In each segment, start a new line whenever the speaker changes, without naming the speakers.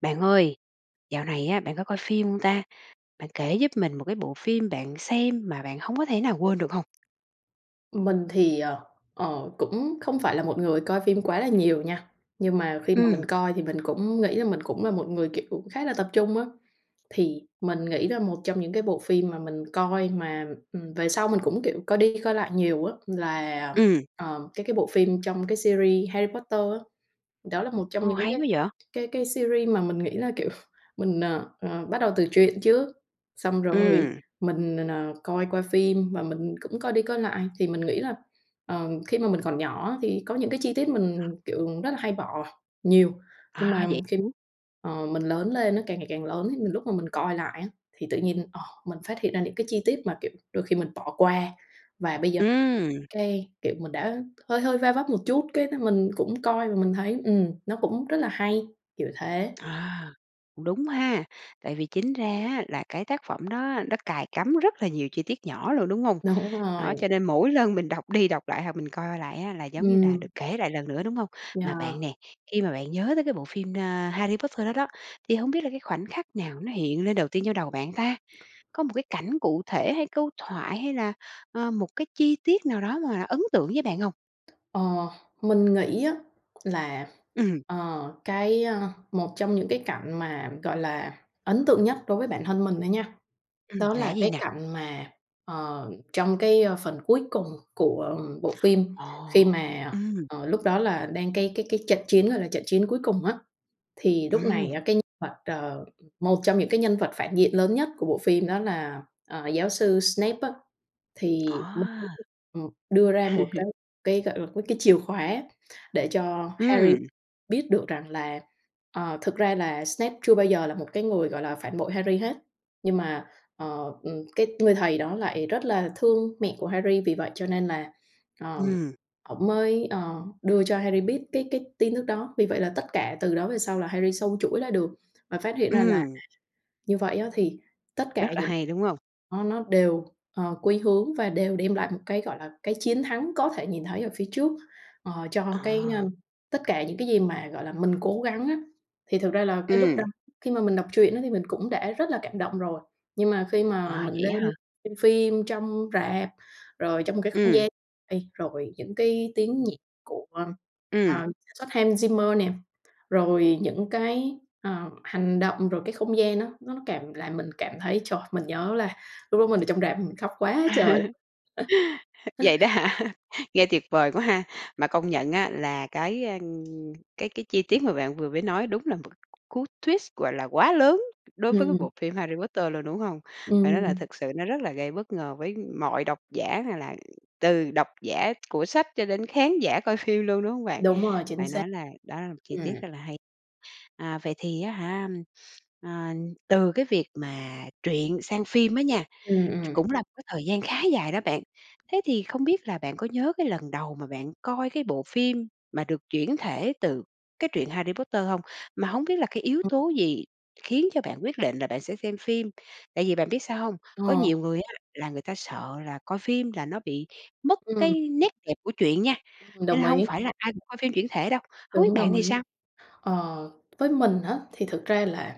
Bạn ơi, dạo này á, bạn có coi phim hông ta? Bạn kể giúp mình một cái bộ phim bạn xem mà bạn hông có thể nào quên được hông?
Mình thì, ờ, ờ, cũng không phải là một người coi phim quá là nhiều nha, nhưng mà khi mà mình
Ừm!
coi thì mình cũng nghĩ là mình cũng là một người, kiểu, cũng khá là tập trung á. Thì mình nghĩ là một trong những cái bộ phim mà mình coi mà, ừm, về sau mình cũng, kiểu, coi đi, coi lại nhiều á, là,
Ừm!
ờ, cái cái bộ phim trong cái series Harry Potter á. Đó là một trong
Ồ,
những
hay
cái
quá vậy.
cái cái series mà mình nghĩ là, kiểu, mình, n ờ, bắt đầu từ truyện trước, xong rồi
Ừm.
mình n n coi phim và mình cũng coi đi, coi lại thì mình nghĩ là, ờ, khi mà mình còn nhỏ á, thì có những cái chi tiết mình, kiểu, rất là hay bỏ nhiều. Nhưng
À,
mà
vậy
khi
[unintelligible]
ờ, mình lớn lên á, càng ngày càng lớn, thì lúc mà mình coi lại á, thì tự nhiên, ờ, mình phát hiện ra những cái chi tiết mà kiểu đôi khi mình bỏ qua và bây giờ,
Ừm.
cái kiểu, mình đã hơi hơi va vấp một chút, cái mình cũng coi và mình thấy, ừm, nó cũng rất là hay kiểu thế.
À, cũng đúng ha, tại vì chính ra á, là cái tác phẩm đó nó cài cắm rất là nhiều chi tiết nhỏ luôn, đúng hông?
Đúng
Đó,
rồi.
cho nên mỗi lần mình đọc đi, đọc lại hoặc mình coi lại á, là giống như là được
Ừm.
kể lại lần nữa, đúng hông? Mà
Yeah.
bạn nè, khi mà bạn nhớ tới cái bộ phim, ờ, Harry Potter đó đó, thì hông biết là cái khoảnh khắc nào nó hiện lên đầu tiên trong đầu bạn ta? Có một cái cảnh cụ thể hay câu thoại hay là, ờ, một cái chi tiết nào đó mà ấn tượng với bạn hông?
Ờ, mình nghĩ á là,
Ừm.
ờ, cái, ơ, một trong những cái cảnh mà, gọi là, ấn tượng nhất đối với bản thân mình thôi nha,
Ừm,
đó
là
là
cái gì
cái
nè?
cảnh mà, ờ, trong cái phần cuối cùng của bộ phim, khi
Ồ.
mà,
Ừm.
ờ, lúc đó là đang cái cái cái trận chiến đó là trận chiến cuối cùng á. Thì lúc này
Ừm.
á, cái nhân vật, ờ, một trong những cái nhân vật phản diện lớn nhất của bộ phim đó là, ờ, giáo sư Snape á, thì ông ấy
À.
mới, ừm, đưa ra một cái cái, gọi là, cái chìa khóa để cho Harry
Ừm.
biết được rằng là, ờ, thực ra là Snape chưa bao giờ là một cái người, gọi là, phản bội Harry hết. Nhưng mà, ờ, ừm, cái người thầy đó lại rất là thương mẹ của Harry, vì vậy cho nên là, ờ,
Ừm.
ổng mới, ờ, đưa cho Harry biết cái cái tin tức đó. Vì vậy là tất cả từ đó về sau là Harry xâu chuỗi lại được và phát hiện ra là
Ừm.
như vậy á, thì tất
Rất
cả
là
những
hay, đúng hông?
á, nó đều, ờ, quy hướng và đều đem lại một cái, gọi là, cái chiến thắng có thể nhìn thấy ở phía trước, ờ, cho cái, ơ,
À.
tất cả những cái gì mà, gọi là, mình cố gắng á. Thì thực ra là cái lúc đó
Ừm.
khi mà mình đọc truyện á, thì mình cũng đã rất là cảm động rồi. Nhưng mà khi mà
À,
mình
vậy
lên
á hả?
xem phim trong rạp, rồi trong một cái không
Ừm.
gian ê rồi những cái tiếng nhạc của,
Ừm.
à, sản xuất Hans Zimmer nè, rồi những cái, ờ, hành động, rồi cái không gian á, nó cảm làm mình cảm thấy, trời, mình nhớ là lúc đó mình ở trong rạp mình khóc quá trời.
Vậy đó hả? Nghe tuyệt vời quá ha, mà công nhận á, là cái, à, cái cái chi tiết mà bạn vừa mới nói đúng là một cú twist, gọi là, quá lớn đối với cái
Ừm.
bộ phim Harry Potter luôn, đúng hông? Phải nói là
Ừm.
thực sự nó rất là gây bất ngờ với mọi độc giả, nào là từ độc giả của sách cho đến khán giả coi phim luôn, đúng hông bạn?
Đúng rồi, chính
Phải
xác.
nói là đó là một chi tiết
Ừm.
rất là hay. À, vậy thì á hả, ờ, từ cái việc mà truyện sang phim á nha,
Ừm,
ch
ừm.
cũng là một cái thời gian khá dài đó bạn. Thế thì không biết là bạn có nhớ cái lần đầu mà bạn coi cái bộ phim mà được chuyển thể từ cái truyện Harry Potter hông? Mà hổng biết là cái yếu
Ừm.
tố gì khiến cho bạn quyết định là bạn sẽ xem phim? Tại vì bạn biết sao hông, có
Ờ.
nhiều người á, là người ta sợ là coi phim là nó bị mất
Ừm.
cái nét đẹp của truyện nha,
Ừm,
cho nên
đồng
là hông
ý.
phải là ai cũng coi phim chuyển thể đâu. Hông biết
Đúng,
bạn
đồng
thì
ý.
sao?
Ờ, với mình á, thì thực ra là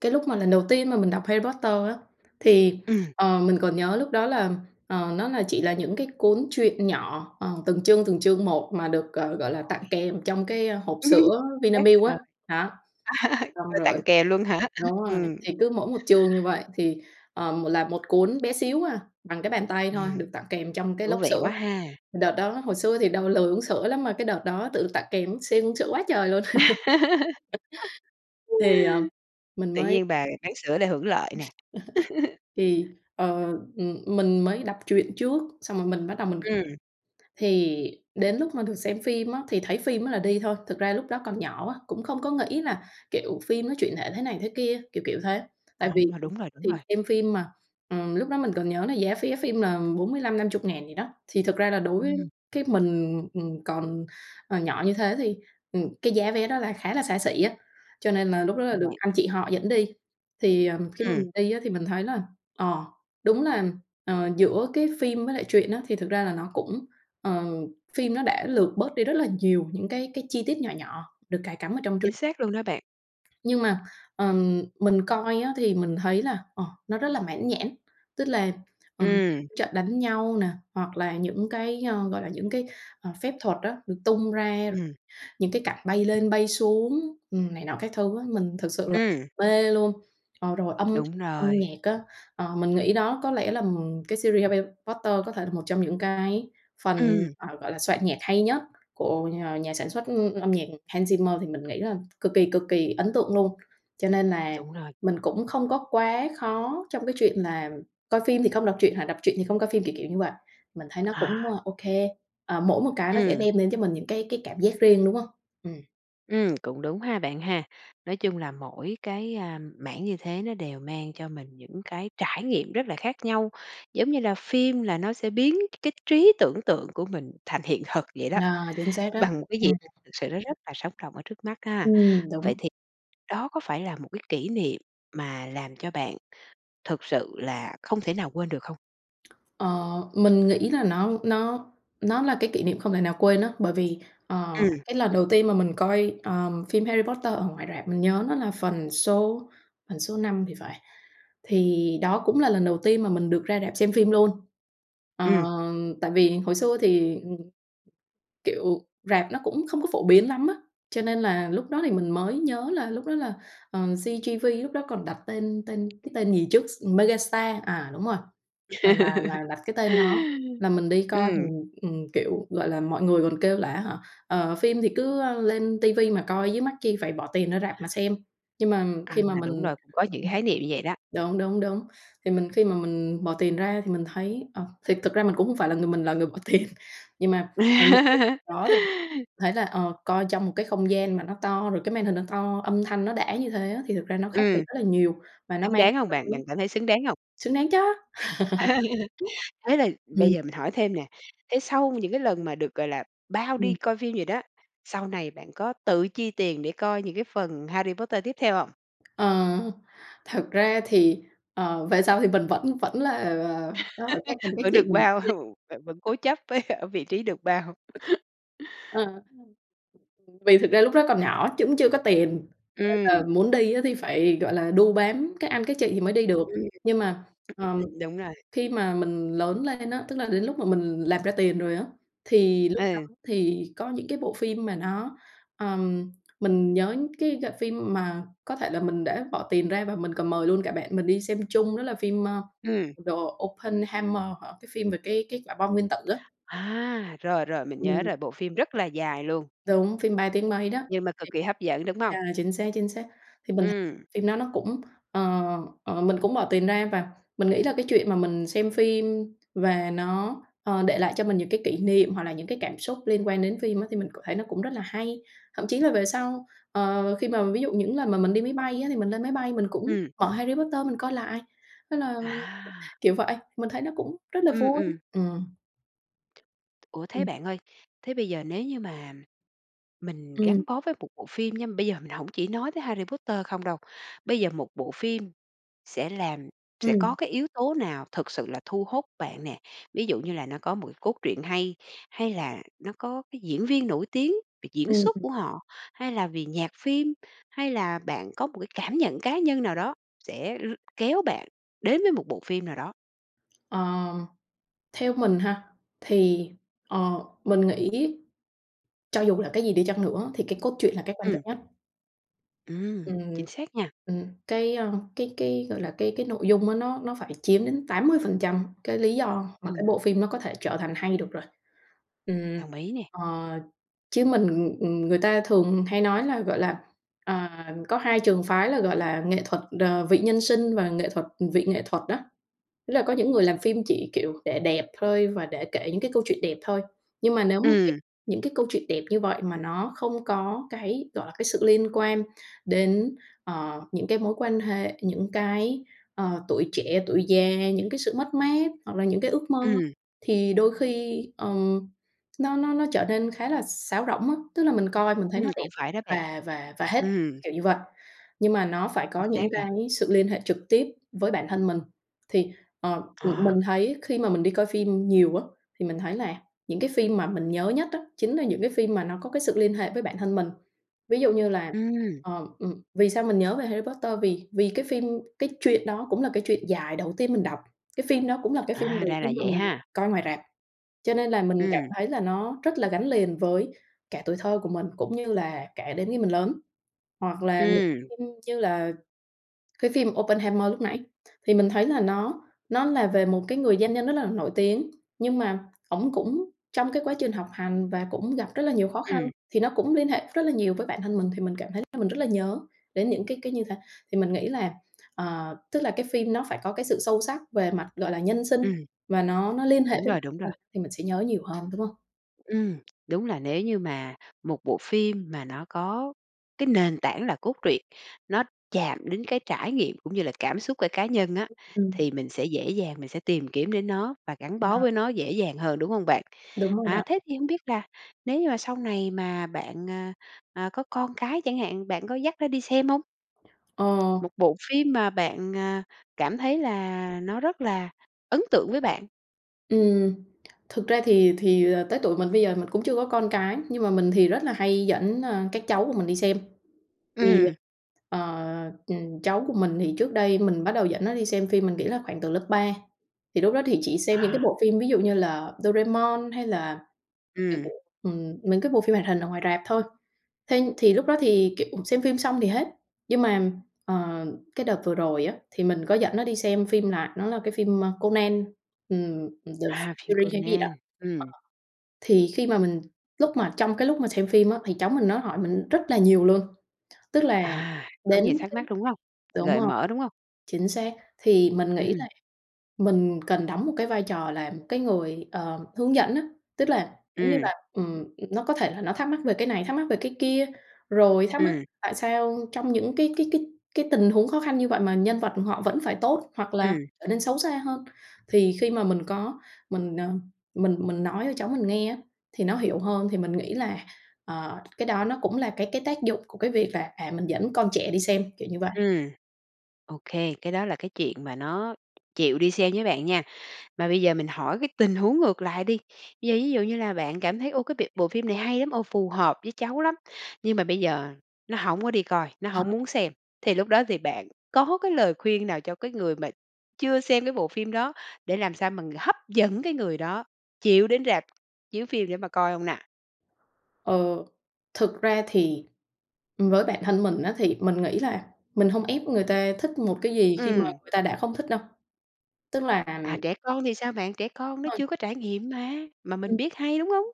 cái lúc mà lần đầu tiên mà mình đọc Harry Potter á thì,
Ừm.
ờ, mình còn nhớ lúc đó là, ờ, nó là chỉ là những cái cuốn truyện nhỏ, ờ, từng chương từng chương một mà được, ờ, gọi là tặng
Rồi.
kèm trong cái, ơ, hộp
Ừm.
sữa
Chính xác
Vinamilk
rồi.
á. Đó, xong
Coi tặng
rồi
kèm luôn hả?
đúng rồi,
Ừm.
thì cứ mỗi một chương như vậy thì, ờ, là một cuốn bé xíu à, bằng cái bàn tay thôi,
Ừm,
được tặng kèm trong cái
thú
lốc
vị quá
sữa.
ha.
Đợt đó hồi xưa thì đòi lười uống sữa lắm, mà cái đợt đó tự tặng kèm siêng uống sữa quá trời luôn. Thì, ờ, mình
Tự
mới
nhiên bà bán sữa lại hưởng lợi nè.
Thì, ờ, ừm, mình mới đọc truyện trước xong rồi mình bắt đầu mình
Ừm.
thì đến lúc mà được xem phim á, thì thấy phim á là đi thôi. Thực ra lúc đó còn nhỏ quá, cũng không có nghĩ là, kiểu, phim nó chuyển thể thế này thế kia, kiểu kiểu thế. Tại
À,
vì
đúng rồi,
[unintelligible]
đúng
thì
rồi.
xem phim mà, ừm, lúc đó mình còn nhớ là giá vé phim là 45.000-50.000 gì đó. Thì thực ra là đối
Ừm.
cái mình, ừm, còn, ờ, nhỏ như thế thì, ừm, cái giá vé đó là khá là xa xỉ á, cho nên là lúc đó là được
[unintelligible]
anh chị họ dẫn đi. Thì, ờ, khi mà
Ừm.
đi á, thì mình thấy là, ờ, đúng là, ờ, giữa cái phim với lại truyện á thì thực ra là nó cũng, ờ, phim nó đã lược bớt đi rất là nhiều những cái cái chi tiết nhỏ nhỏ được cài cắm ở trong truyện.
Chính xác luôn đó bạn.
Nhưng mà, ờ, mình coi á, thì mình thấy là, ờ, nó rất là mãn nhãn. Tức là, ờ,
Ừm.
trận đánh nhau nè, hoặc là những cái, ờ, gọi là những cái, ờ, phép thuật á, được tung ra,
Ừm.
những cái cảnh bay lên bay xuống, ừm, này nọ các thứ á, mình thực sự là
Ừm.
mê luôn. Ờ, rồi âm thanh,
Đúng
âm
rồi.
nhạc á, ờ, mình nghĩ đó có lẽ là, ừm, cái series Harry Potter có thể là một trong những cái phần,
Ừm.
ờ, gọi là soạn nhạc hay nhất của, ờ, nhà sản xuất âm nhạc Hans Zimmer thì mình nghĩ là cực kỳ, cực kỳ ấn tượng luôn. Cho nên là
Đúng rồi.
mình cũng không có quá khó trong cái chuyện là coi phim thì không đọc truyện hoặc đọc truyện thì không coi phim, kiểu, kiểu như vậy, mình thấy nó cũng
À.
OK. À, mỗi một cái nó sẽ
Ừm.
đem đến cho mình những cái cái cảm giác riêng, đúng hông? Ừm.
Ừm, cũng đúng ha bạn ha. Nói chung là mỗi cái, à, mảng như thế nó đều mang cho mình những cái trải nghiệm rất là khác nhau, giống như là phim là nó sẽ biến cái trí tưởng tượng của mình thành hiện thực vậy đó,
À, chính xác đó,
bằng một cái việc
ừm.
thực sự nó rất là sống động ở trước mắt ha.
Ừm,
Vậy
đúng.
thì đó có phải là một cái kỷ niệm mà làm cho bạn thực sự là không thể nào quên được không?
Ờ, mình nghĩ là nó nó nó là cái kỷ niệm không thể nào quên á, bởi vì, ờ,
Ừm.
cái lần đầu tiên mà mình coi, ờ, phim "Harry Potter" ở ngoài rạp mình nhớ nó là phần số phần số 5 thì phải, thì đó cũng là lần đầu tiên mà mình được ra rạp xem phim luôn. Ờ,
Ừm.
tại vì hồi xưa thì, kiểu, rạp nó cũng không có phổ biến lắm á, cho nên là lúc đó thì mình mới nhớ là lúc đó là, ờ, CGV lúc đó còn đặt tên tên cái tên gì trước s Megastar, à, đúng rồi, à, là là đặt cái tên đó là mình đi coi. Thì,
Ừm.
ừm, kiểu, gọi là, mọi người còn kêu là á hả, ờ, phim thì cứ lên ti vi mà coi chứ mắc chi phải bỏ tiền ra rạp mà xem, nhưng mà khi
À,
mà
đúng
mình
rồi, cũng có những cái khái niệm như vậy đó.
đúng, đúng, đúng, thì mình khi mà mình bỏ tiền ra thì mình thấy ờ, thì thực ra mình cũng không phải là người mình là người bỏ tiền nhưng mà [unintelligible] đó thì thấy là, ờ, coi trong một cái không gian mà nó to, rồi cái màn hình nó to, âm thanh nó đã như thế á, thì thực ra nó khác biệt
Ừm.
rất là nhiều, và nó
Xứng
mang
đáng hông
tâm
bạn,
lý
bạn cảm thấy xứng đáng hông?
xứng đáng chớ!
Thế là
Ừm.
bây giờ mình hỏi thêm nè, thế sau những cái lần mà được, gọi là, bao đi
Ừm.
coi phim gì đó, sau này bạn có tự chi tiền để coi những cái phần "Harry Potter" tiếp theo hông?
Ờ. Thật ra thì, ờ, về sau thì mình vẫn vẫn là, ờ, đòi các anh các
Vẫn
chị
được
mình dẫn
bao,
đi.
bạn vẫn cố chấp với ở vị trí được bao.
Ờ. Vì thực ra lúc đó còn nhỏ cũng chưa có tiền cho nên là
Ừm.
muốn đi á thì phải, gọi là, đu bám các anh, các chị thì mới đi được.
Ừm.
Nhưng mà, ờ,
Ừm, đúng rồi.
khi mà mình lớn lên á, tức là đến lúc mà mình làm ra tiền rồi á, thì lúc đó
Ừ.
thì có những cái bộ phim mà nó, ờ, mình nhớ cái g phim mà có thể là mình đã bỏ tiền ra và mình còn mời luôn cả bạn mình đi xem chung đó là phim, ơ,
Ừm.
"The Oppenheimer" hả? cái phim về cái cái quả bom nguyên tử á.
À, rồi, rồi, mình nhớ
Ừm.
rồi, bộ phim rất là dài luôn.
Đúng, phim ba tiếng mấy đó.
Nhưng mà cực kỳ hấp dẫn, đúng hông?
Yeah, chính xác, chính xác! Thì mình th
Ừm.
phim đó nó cũng, ờ, ờ, mình cũng bỏ tiền ra và mình nghĩ là cái chuyện mà mình xem phim và nó, ờ, để lại cho mình những cái kỷ niệm hoặc là những cái cảm xúc liên quan đến phim á, thì mình cảm thấy nó cũng rất là hay. Thậm chí là về sau, ờ, khi mà ví dụ những lần mà mình đi máy bay á thì mình lên máy bay mình cũng
Ừm.
mở "Harry Potter" mình coi lại. Thế là
À.
kiểu vậy, mình thấy nó cũng rất là
Ừm,
vui.
ừm.
Ừm.
Ủa thế bạn ơi, thế bây giờ nếu như mà mình
Ừm.
gắn bó với một bộ phim nha, bây giờ mình hổng chỉ nói tới Harry Potter không đâu. Bây giờ một bộ phim sẽ làm sẽ có
Ừm.
cái yếu tố nào thực sự là thu hốt bạn nè? Ví dụ như là nó có một cái cốt truyện hay, hay là nó có cái diễn viên nổi tiếng về diễn
Ừm,
xuất
ừ.
của họ, hay là vì nhạc phim, hay là bạn có một cái cảm nhận cá nhân nào đó sẽ r kéo bạn đến với một bộ phim nào đó?
Ờm, theo mình ha, thì, ờ, mình nghĩ cho dù là cái gì đi chăng nữa thì cái cốt truyện là cái quan
Ừm.
trọng nhất.
Ừm,
Ừm,
chính xác nha!
ừm, cái, à, cái cái gọi là, cái cái nội dung á, nó nó phải chiếm đến 80% cái lý do mà cái
Ừm.
bộ phim nó có thể trở thành hay được rồi. Ừm,
Đồng ý nè.
ờ, chứ mình ừm, người ta thường hay nói là, gọi là, à, có hai trường phái là, gọi là, nghệ thuật, ờ, vị nhân sinh và nghệ thuật vị nghệ thuật đó. Tức là có những người làm phim chỉ kiểu để đẹp thôi và để kể những cái câu chuyện đẹp thôi. Nhưng mà nếu mà cái
Ừm!
những cái câu chuyện đẹp như vậy, mà nó không có cái gọi là, cái sự liên quan đến, ờ, những cái mối quan hệ, những cái, ờ, tuổi trẻ, tuổi già, những cái sự mất mát hoặc là những cái ước mơ,
Ừm.
thì đôi khi, ờ, nó nó nó trở nên khá là sáo rỗng á. Tức là mình coi mình thấy
Ừm,
nó đẹp
cũng phải đó bạn.
và và và hết,
Ừm.
kiểu như vậy nhưng mà nó phải
Chính
có
xác
những
rồi.
cái sự liên hệ trực tiếp với bản thân mình, thì, ờ, m
À.
mình thấy khi mà mình đi coi phim nhiều á, thì mình thấy là những cái phim mà mình nhớ nhất á chính là những cái phim mà nó có cái sự liên hệ với bản thân mình. Ví dụ như là,
Ừm.
ờ, ừm, vì sao mình nhớ về Harry Potter, vì vì cái phim cái chuyện đó cũng là cái chuyện dài đầu tiên mình đọc, cái phim đó cũng là cái phim
À,
đầu
ra là
tiên mà
vậy
mình
ha!
coi ngoài rạp, cho nên là mình cảm
Ừm.
thấy là nó rất là gắn liền với cả tuổi thơ của mình, cũng như là kể đến khi mình lớn. Hoặc là một
Ừm.
phim như là cái phim Oppenheimer lúc nãy, thì mình thấy là nó nó là về một cái người doanh nhân rất là nổi tiếng nhưng mà ổng cũng trong cái quá trình học hành và cũng gặp rất là nhiều khó khăn,
Ừm.
thì nó cũng liên hệ rất là nhiều với bản thân mình, thì mình cảm thấy là mình rất là nhớ đến những cái cái như thế. Thì mình nghĩ là, ờ, tức là cái phim nó phải có cái sự sâu sắc về mặt, gọi là, nhân sinh,
Ừm.
và nó nó liên hệ
Đúng
với bản
rồi, đúng rồi.
thân mình thì mình sẽ nhớ nhiều hơn, đúng hông?
Ừm, đúng là nếu như mà một bộ phim mà nó có cái nền tảng là cốt truyện, nó chạm đến cái trải nghiệm cũng như là cảm xúc của cá nhân á,
Ừm.
thì mình sẽ dễ dàng, mình sẽ tìm kiếm đến nó và gắn bó
[unintelligible]
với nó dễ dàng hơn, đúng hông bạn?
Đúng rồi
À,
đó.
thế thì hông biết là nếu như mà sau này mà bạn, à, à, có con cái chẳng hạn, bạn có dắt nó đi xem hông?
Ờ.
Một bộ phim mà bạn, à, cảm thấy là nó rất là ấn tượng với bạn.
Ừm, thực ra thì thì, ờ, tới tuổi mình bây giờ mình cũng chưa có con cái, nhưng mà mình thì rất là hay dẫn, à, các cháu của mình đi xem. Thì,
Ừm.
ờ, cháu của mình thì trước đây mình bắt đầu dẫn nó đi xem phim, mình nghĩ là khoảng từ lớp 3. Thì lúc đó thì chỉ xem những cái
À.
bộ phim ví dụ như là Doraemon hay là, kiểu,
Ừm.
ừm, mấy cái bộ phim hoạt hình ở ngoài rạp thôi. Thế thì lúc đó thì kiểu xem phim xong thì hết. Nhưng mà, ờ, cái đợt vừa rồi á thì mình có dẫn nó đi xem phim, là nó là cái phim, ơ, Conan, ừm, The
À, phim
Furry hay cái gì đó,
Conan.
ờ,
Ừm.
thì khi mà mình lúc mà trong cái lúc mà xem phim á, thì cháu mình nó hỏi mình rất là nhiều luôn, tức là
À, có
đến
nhiều thắc
cái
mắc,
mức
đúng hông?
[unintelligible] đúng
Gợi
rồi.
mở, đúng hông?
Chính xác. Thì mình nghĩ
Ừm.
là mình cần đóng một cái vai trò là một cái người, ờ, hướng dẫn á, tức là giống như
Ừm.
là, ừm, nó có thể là nó thắc mắc về cái này, thắc mắc về cái kia, rồi thắc mắc
Ừm.
tại sao trong những cái cái cái cái tình huống khó khăn như vậy mà nhân vật họ vẫn phải tốt hoặc là
Ừm.
trở nên xấu xa hơn. Thì khi mà mình có mình, ờ, mình mình nói cho cháu mình nghe á thì nó hiểu hơn, thì mình nghĩ là, ờ, cái đó nó cũng là cái cái tác dụng của cái việc là, à, mình dẫn con trẻ đi xem, kiểu như vậy.
Ừm. Ô kê, cái đó là cái chuyện mà nó chịu đi xem với bạn nha. Mà bây giờ mình hỏi cái tình huống ngược lại đi. Bây giờ ví dụ như là bạn cảm thấy, ô, cái b bộ phim này hay lắm, ồ, phù hợp với cháu lắm nhưng mà bây giờ nó hổng có đi coi, nó hổng muốn
[unintelligible]
xem, thì lúc đó thì bạn có cái lời khuyên nào cho cái người mà chưa xem cái bộ phim đó để làm sao mà hấp dẫn cái người đó chịu đến rạp chiếu phim để mà coi hông nà?
Ờ, thực ra thì với bản thân mình á thì mình nghĩ là mình hông ép người ta thích một cái gì khi mà
Ừm.
người ta đã không thích đâu, tức là
À, trẻ con thì sao bạn? Trẻ con
Đúng
nó
rồi.
chưa có trải nghiệm mà, mà mình
Ừm.
biết hay, đúng hông?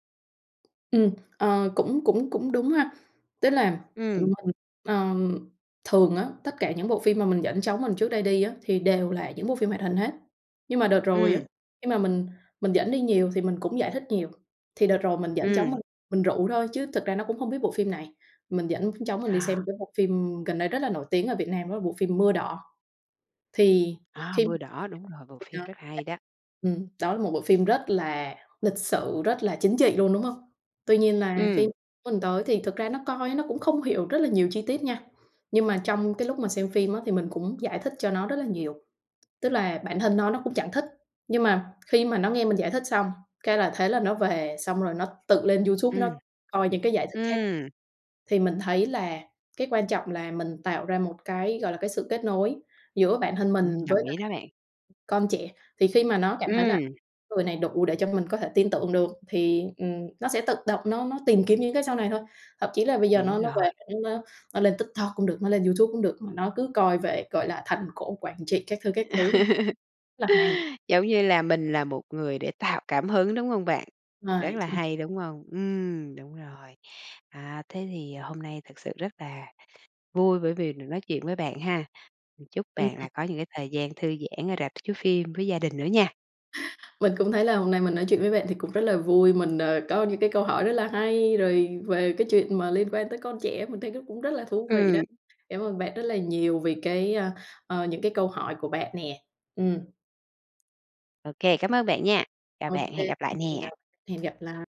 Ừm. Ờ, cũng cũng cũng đúng ha. Tức là, ừm,
Ừm.
mình, ừm, thường á, tất cả những bộ phim mà mình dẫn cháu mình trước đây đi á thì đều là những bộ phim hoạt hình hết. Nhưng mà đợt rồi á,
Ừm.
khi mà mình mình dẫn đi nhiều thì mình cũng giải thích nhiều. Thì đợt rồi mình dẫn cháu
Ừm.
mình mình rủ thôi chứ thực ra nó cũng hông biết bộ phim này. Mình dẫn cháu mình đi
À.
xem cái bộ phim gần đây rất là nổi tiếng ở Việt Nam, đó là bộ phim "Mưa Đỏ". Thì
A,
khi
"Mưa Đỏ", đúng rồi. Bộ phim
[unintelligible]
rất hay đó.
Ừm, đó là một bộ phim rất là lịch sử, rất là chính trị luôn, đúng hông? Tuy nhiên là
Ừm.
khi mình tới thì thực ra nó coi nó cũng không hiểu rất là nhiều chi tiết nha. Nhưng mà trong cái lúc mà xem phim á thì mình cũng giải thích cho nó rất là nhiều. Tức là bản thân nó, nó cũng chẳng thích, nhưng mà khi mà nó nghe mình giải thích xong, cái là thế là nó về xong rồi nó tự lên YouTube
Ừm.
nó coi những cái giải thích khác.
Ừm.
Thì mình thấy là cái quan trọng là mình tạo ra một cái, gọi là, cái sự kết nối giữa bản thân
Ừm.
mình
Đồng
với
ý
lại
đó bạn.
con trẻ, thì khi mà nó cảm thấy là
Ừm.
người này đủ để cho mình có thể tin tưởng được thì, ừm, nó sẽ tự động nó nó tìm kiếm những cái sau này thôi. Thậm chí là bây giờ
Đúng
nó nó về
rồi.
nó nó nó lên TikTok cũng được, nó lên YouTube cũng được mà nó cứ coi về, gọi là, Thành cổ Quảng Trị, các thứ, các thứ. Rất là hay.
Giống như là mình là một người để tạo cảm hứng, đúng hông bạn? Rất
Rồi.
là
Chính
hay, đúng hông? Ừm, đúng rồi. À, thế thì hôm nay thật sự rất là vui bởi vì được nói chuyện với bạn ha. Chúc
Ừm.
bạn lại có những cái thời gian thư giãn ở rạp chiếu phim với gia đình nữa nha.
Mình cũng thấy là hôm nay mình nói chuyện với bạn thì cũng rất là vui, mình, ờ, có những cái câu hỏi rất là hay rồi về cái chuyện mà liên quan tới con trẻ mình thấy nó cũng rất là thú vị đó.
Ừm.
Cảm ơn bạn rất là nhiều vì cái, ờ, ờ, những cái câu hỏi của bạn nè. Ừm.
Ô kê, cảm ơn bạn nha. Chào
Ô
bạn,
kê.
hẹn gặp lại
Xin
nè.
chào, hẹn gặp lại.